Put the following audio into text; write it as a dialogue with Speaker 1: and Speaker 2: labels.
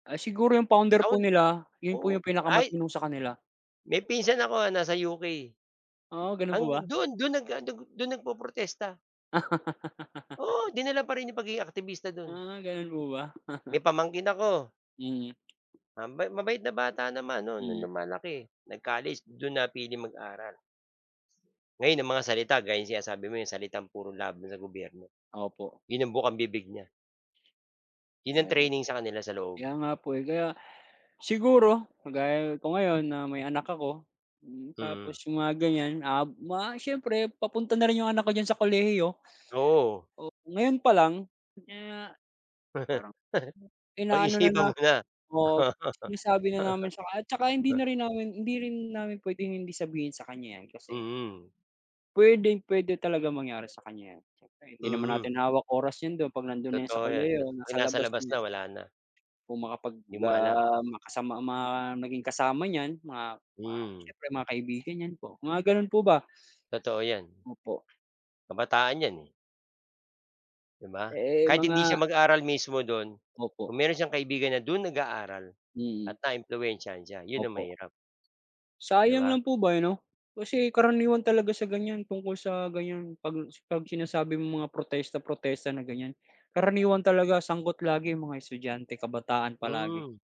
Speaker 1: Ah, siguro yung founder
Speaker 2: Ah, on
Speaker 1: po nila, 'yon po
Speaker 2: oh,
Speaker 1: yung
Speaker 2: ay
Speaker 1: pinakamatino sa kanila.
Speaker 2: May pinsan ako nasa UK.
Speaker 1: Oh, gano'n po ba?
Speaker 2: Ang do'n, do'n naga dago do'n nagpoprotesta. Oo, dinala pa rin niya 'yong pagiging aaktibista do'n.
Speaker 1: Ah, gano'n po ba?
Speaker 2: May pamangkin ako
Speaker 1: Mm.
Speaker 2: ah, ma mabait na bata naman no'n, no'ng
Speaker 1: Mm.
Speaker 2: lumalaki. Nag-college, do'n napiling mag-aral. Ngayon ang mga salita, gaya ng sinasabi mo, yung salitang puro laban sa gobyerno,
Speaker 1: Opo.
Speaker 2: 'yon ang bukang-bibig niya. 'Yon ang
Speaker 1: Oho.
Speaker 2: training sa kanila sa loob.
Speaker 1: Kaya nga po eh. Kaya, siguro, kagaya ko ngayon, na may anak ako, hmm, tapos
Speaker 2: Mm.
Speaker 1: yung mga ganyan, ah, mga siyempre, papunta na rin yung anak ko diyan sa kolehiyo.
Speaker 2: Oo.
Speaker 1: Oh, ngayon pa lang, kaya parang inaano na,
Speaker 2: Pag-isipan
Speaker 1: na,
Speaker 2: mo na.
Speaker 1: um, sinasabi na namin saka at saka, hindi na rin namin hindi rin namin puwedeng hindi sabihin sa kanya yan, kasi
Speaker 2: Mm.
Speaker 1: puwedeng-puwede talagang mangyari sa kanya yan. Siyempre hindi naman
Speaker 2: Mhm.
Speaker 1: natin hawak oras 'yon do'n, 'pag nando'n na yan sa
Speaker 2: Totoo 'yan, 'pag
Speaker 1: kolehiyo,
Speaker 2: 'pag
Speaker 1: nasa
Speaker 2: nasa
Speaker 1: labas
Speaker 2: labas
Speaker 1: na.
Speaker 2: na, wala na.
Speaker 1: Kung makapag,
Speaker 2: 'Di mo alam.
Speaker 1: ah, makasama ma maging kasama niyan mga, ma
Speaker 2: Hmm.
Speaker 1: siyempre mga kaibigan niyan po, mga gano'n po ba.
Speaker 2: Totoo yan.
Speaker 1: Opo.
Speaker 2: Kabataan 'yan eh. 'Di ba?
Speaker 1: Eh, eh,
Speaker 2: Kahit
Speaker 1: mga
Speaker 2: hindi siya mag-aral mismo do'n,
Speaker 1: Opo.
Speaker 2: kung meron siyang kaibigan na do'n nag-aaral, at
Speaker 1: Mm.
Speaker 2: naimpluwensiyahan siya, 'yon ang
Speaker 1: Opo.
Speaker 2: mahirap. 'Di
Speaker 1: Sayang
Speaker 2: ba?
Speaker 1: lang po ba, eh, 'no? Kasi, karaniwan talaga sa ganyan, tungkol sa ganyan 'pag s 'pag sinasabi mong mga protesta-protesta na ganyan, karaniwan talaga sangkot lagi yung mga estudyante, kabataan palagi.
Speaker 2: Hmm.